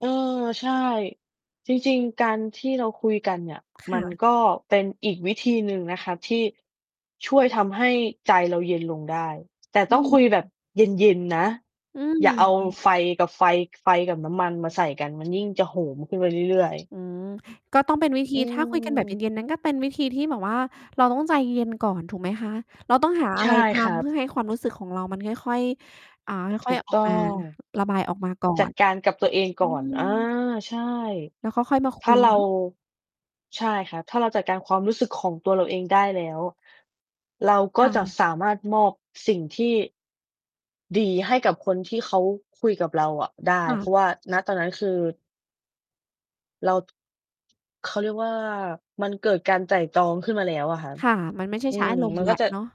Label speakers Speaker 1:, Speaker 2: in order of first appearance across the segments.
Speaker 1: เออ ใช่ จริง ๆ การที่เราคุยกันเนี่ย
Speaker 2: ค
Speaker 1: ม
Speaker 2: ่
Speaker 1: ัน
Speaker 2: ะ
Speaker 1: ก็เป็นอีกวิธีหนึ่งนะครับที่ช่วยทำให้ใจเราเย็นลงได้ แต่
Speaker 2: อื
Speaker 1: ต้องคุยแบบ
Speaker 2: ม
Speaker 1: เย็น ๆ นะ
Speaker 2: อืม
Speaker 1: อย่าเอา
Speaker 2: อือ
Speaker 1: ไฟกับไฟ ไฟกับน้ำมันมาใส่กัน มันยิ่งจะโหมขึ้นไปเรื่อย ๆ
Speaker 2: อืม ก็ต้องเป็นวิธี
Speaker 1: อื
Speaker 2: ถ้าคุยกันแบบเ
Speaker 1: ม
Speaker 2: ย็น ๆ นั้นก็เป็นวิธีที่แบบว่า เราต้องใจเย็นก่อน ถูกไหมคะ? เราต้องหาอ
Speaker 1: ใ
Speaker 2: ะ
Speaker 1: ช
Speaker 2: ไร
Speaker 1: ่
Speaker 2: ท
Speaker 1: ครั
Speaker 2: ำเพ
Speaker 1: บ
Speaker 2: ื่อให้ความรู้สึกของเรามันค่อย ๆ อ่า ค
Speaker 1: ถ
Speaker 2: ่อ
Speaker 1: ู
Speaker 2: ย
Speaker 1: ก
Speaker 2: ๆ ออก
Speaker 1: ต้อ
Speaker 2: มา
Speaker 1: ง
Speaker 2: ระบายออกมา ก่อ
Speaker 1: จั
Speaker 2: น
Speaker 1: ดการกับตัวเอง
Speaker 2: อื
Speaker 1: ก่อน อา
Speaker 2: ม
Speaker 1: ใช่
Speaker 2: แล้วก็ ค่อยมาค
Speaker 1: ถ
Speaker 2: ุ
Speaker 1: ้า
Speaker 2: ย
Speaker 1: เร
Speaker 2: เน
Speaker 1: า
Speaker 2: าะ
Speaker 1: ใช่ครับ ถ้าเราจัดการความรู้สึก ของตัวเราเองได้แล้ว เรา
Speaker 2: ค
Speaker 1: ก็
Speaker 2: ่
Speaker 1: จะ
Speaker 2: ะ
Speaker 1: สามารถมอบสิ่งที่ ดีให้กับคนที่เขาคุยกับเราอะได้
Speaker 2: ค่
Speaker 1: เพ
Speaker 2: ะ
Speaker 1: ราะว่า ณ ตอนนั้นคือ เรา เขาเรียกว่า มันเกิดการไตร่ตรองขึ้นมาแล้วอะครับ
Speaker 2: ค่ะ มันไม่ใช่
Speaker 1: อื
Speaker 2: ใช้
Speaker 1: ม
Speaker 2: อารมณ
Speaker 1: ม
Speaker 2: ์
Speaker 1: ัน
Speaker 2: แล
Speaker 1: ก็
Speaker 2: ้ว
Speaker 1: จะ
Speaker 2: เนาะ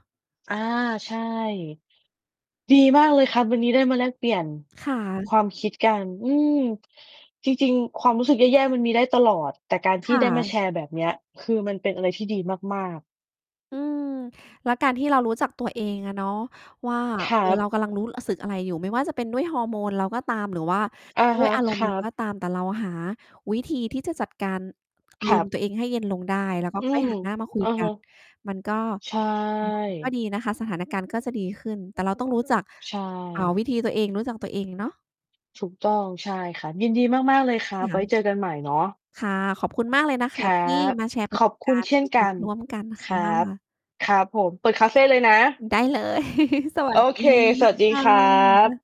Speaker 1: อา ใช่ ดีมาก เลยครับ วันนี้ได้มาแลกเปลี่ยน
Speaker 2: ค่ะ
Speaker 1: ความคิดกัน อืม จริง ๆ ความรู้สึกแย่ ๆ มันมีได้ตลอด แต่การท
Speaker 2: ค
Speaker 1: ี่
Speaker 2: ่
Speaker 1: ได้มา
Speaker 2: ะ
Speaker 1: แชร์แบบเนี้ย คือมันเป็นอะไรที่ดีมาก ๆ
Speaker 2: อืม แล้วการที่เรารู้จักตัวเองอะเนาะว่า
Speaker 1: คร
Speaker 2: เอ
Speaker 1: ั
Speaker 2: อ เ
Speaker 1: บ
Speaker 2: รากำลังรู้ อ...สึกอะไรอยู่ ไม่ว่าจะเป็นด้วยฮอร์โมนเราก็ตาม หรือว่า
Speaker 1: อะ
Speaker 2: ด้
Speaker 1: ฮ
Speaker 2: วย
Speaker 1: ะ
Speaker 2: อาร
Speaker 1: ค
Speaker 2: มณ์
Speaker 1: ร
Speaker 2: เ
Speaker 1: ั
Speaker 2: ราก็
Speaker 1: บ
Speaker 2: ตาม แต่เราหาวิธีที่จะจัดการ อา
Speaker 1: ค
Speaker 2: ร
Speaker 1: รั
Speaker 2: มณ์
Speaker 1: บ
Speaker 2: ตัวเองให้เย็นลงได้ แล้วก็
Speaker 1: อื
Speaker 2: ค่อย
Speaker 1: ม
Speaker 2: หัน หน้ามา คุ
Speaker 1: อ
Speaker 2: ย
Speaker 1: ะ
Speaker 2: ก
Speaker 1: ฮ
Speaker 2: ั
Speaker 1: ะ
Speaker 2: น มันก็
Speaker 1: ใช่
Speaker 2: ก็ดีนะคะ สถานการณ์ก็จะดีขึ้น แต่เรา ต้องรู้จัก
Speaker 1: ใช
Speaker 2: อ่า
Speaker 1: ่
Speaker 2: วิธีตัวเอง รู้จักตัวเองเนาะ
Speaker 1: ถูกต้อง ใช่ ครับ ยินดีมาก ๆ เลยครับ
Speaker 2: ค่
Speaker 1: ไว้
Speaker 2: ะ
Speaker 1: เจอกันใหม่เนาะ
Speaker 2: ค่ะ ขอบคุณมากเลย นะ
Speaker 1: ค
Speaker 2: คะ
Speaker 1: รั
Speaker 2: ที่
Speaker 1: บ
Speaker 2: มาแชร์ปร
Speaker 1: ข
Speaker 2: ะส
Speaker 1: อบ
Speaker 2: บ
Speaker 1: ค
Speaker 2: ก
Speaker 1: ุ
Speaker 2: า
Speaker 1: ณ
Speaker 2: รณ
Speaker 1: เ
Speaker 2: ์
Speaker 1: ช่นก
Speaker 2: ดี
Speaker 1: ัน
Speaker 2: ๆ ร่วมกัน
Speaker 1: ค
Speaker 2: ค
Speaker 1: ร
Speaker 2: ่
Speaker 1: ับ
Speaker 2: ะ
Speaker 1: ครับผม เปิดคาเฟเลยน
Speaker 2: อ
Speaker 1: ะ
Speaker 2: ือ ได้เลย สว
Speaker 1: โ
Speaker 2: ั
Speaker 1: อ
Speaker 2: สด
Speaker 1: เค
Speaker 2: ี
Speaker 1: สวัสดี
Speaker 2: ค่
Speaker 1: ครั
Speaker 2: ะ
Speaker 1: บ